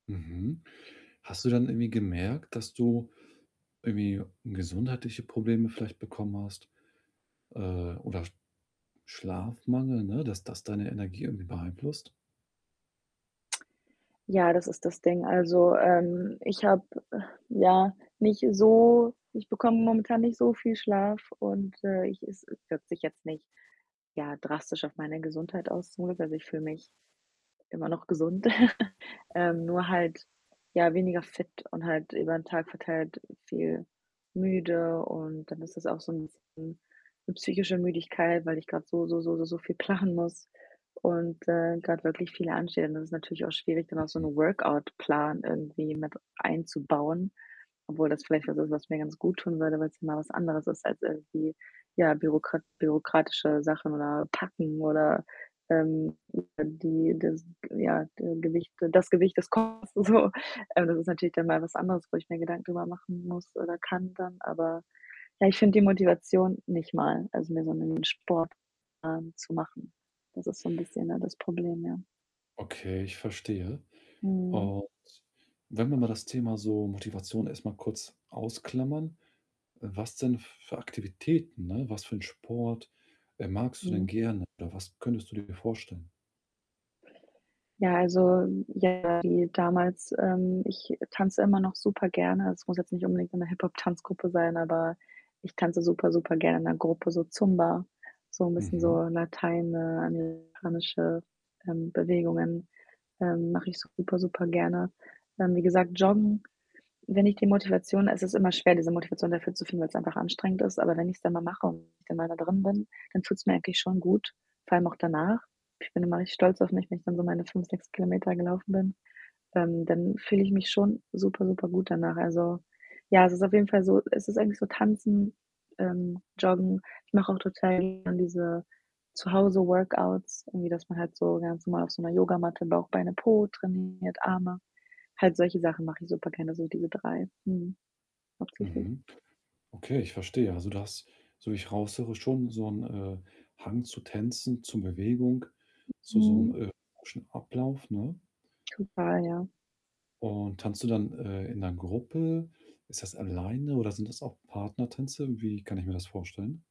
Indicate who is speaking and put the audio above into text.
Speaker 1: Mhm. Hast du dann irgendwie gemerkt, dass du irgendwie gesundheitliche Probleme vielleicht bekommen hast, äh, oder Schlafmangel, ne? Dass das deine Energie irgendwie beeinflusst?
Speaker 2: Ja, das ist das Ding, also, ähm, ich habe, ja, nicht so ich bekomme momentan nicht so viel Schlaf und, äh, ich es wirkt sich jetzt nicht, ja, drastisch auf meine Gesundheit aus, zum Glück. Also, ich fühle mich immer noch gesund, ähm, nur halt, ja, weniger fit und halt über den Tag verteilt viel müde und dann ist das auch so 'n bisschen 'ne psychische Müdigkeit, weil ich grad so, so, so, so, so viel planen muss und, äh, grad wirklich viel ansteht. Und das ist natürlich auch schwierig, dann auch so
Speaker 1: Mhm.
Speaker 2: 'n Workout-Plan irgendwie mit einzubauen, obwohl das vielleicht was ist, was mir ganz guttun würde, weil's mal was anderes ist als irgendwie, ja, bürokrat bürokratische Sachen oder packen oder, ähm, die das, ja, Ge Gewicht das Gewicht des Koffers so. Also, das ist natürlich dann mal was anderes, wo ich mir Gedanken drüber machen muss oder kann dann, aber ja, ich finde die Motivation nicht mal, also, mir so 'nen Sportplan zu machen. Das ist so 'n bisschen, ja, das Problem, ja.
Speaker 1: Okay, ich verstehe.
Speaker 2: Mhm.
Speaker 1: Und wenn wir mal das Thema so Motivation erst mal kurz ausklammern, äh, was denn für Aktivitäten ne, was für 'n Sport, äh, magst du denn
Speaker 2: Mhm.
Speaker 1: gerne oder was könntest du dir vorstellen?
Speaker 2: Ja, also, ja, wie damals, ähm, ich tanze immer noch super gerne. Es muss jetzt nicht unbedingt so 'ne Hip-Hop-Tanzgruppe sein, aber ich tanze super, super gerne in 'ner Gruppe, so Zumba, so 'n bisschen so
Speaker 1: Mhm.
Speaker 2: lateinamerikanische, ähm, Bewegungen, ähm, mache ich super, super gerne. Ähm, wie gesagt, Joggen, wenn ich die Motivation es ist immer schwer, diese Motivation dafür zu finden, weil's einfach anstrengend ist, aber wenn ich's dann mal mache und ich dann mal da drin bin, dann fühlt's mir eigentlich schon gut, vor allem auch danach. Ich bin immer richtig stolz auf mich, wenn ich dann so meine 5, 6 Kilometer gelaufen bin, ähm, dann fühle ich mich schon super, super gut danach. Also, ja, es ist auf jeden Fall so es ist eigentlich so Tanzen, ähm, Joggen. Ich mache auch total gerne diese Zu-Hause-Workouts, irgendwie, dass man halt so ganz normal auf so 'ner Yogamatte Bauch, Beine, Po trainiert, Arme. Halt solche Sachen mache ich super gerne, so diese 3, mhm, hauptsächlich.
Speaker 1: Mhm. Okay, ich verstehe. Also, du hast- so wie ich raushöre- schon so 'n, äh, Hang zu Tänzen, zu Bewegung, zu so 'nem,
Speaker 2: Mhm.
Speaker 1: äh, [unintelligible] Ablauf, ne?
Speaker 2: Total, ja.
Speaker 1: Und tanzt du dann, äh, in 'ner Gruppe? Ist das alleine oder sind das auch Partnertänze? Wie kann ich mir das vorstellen?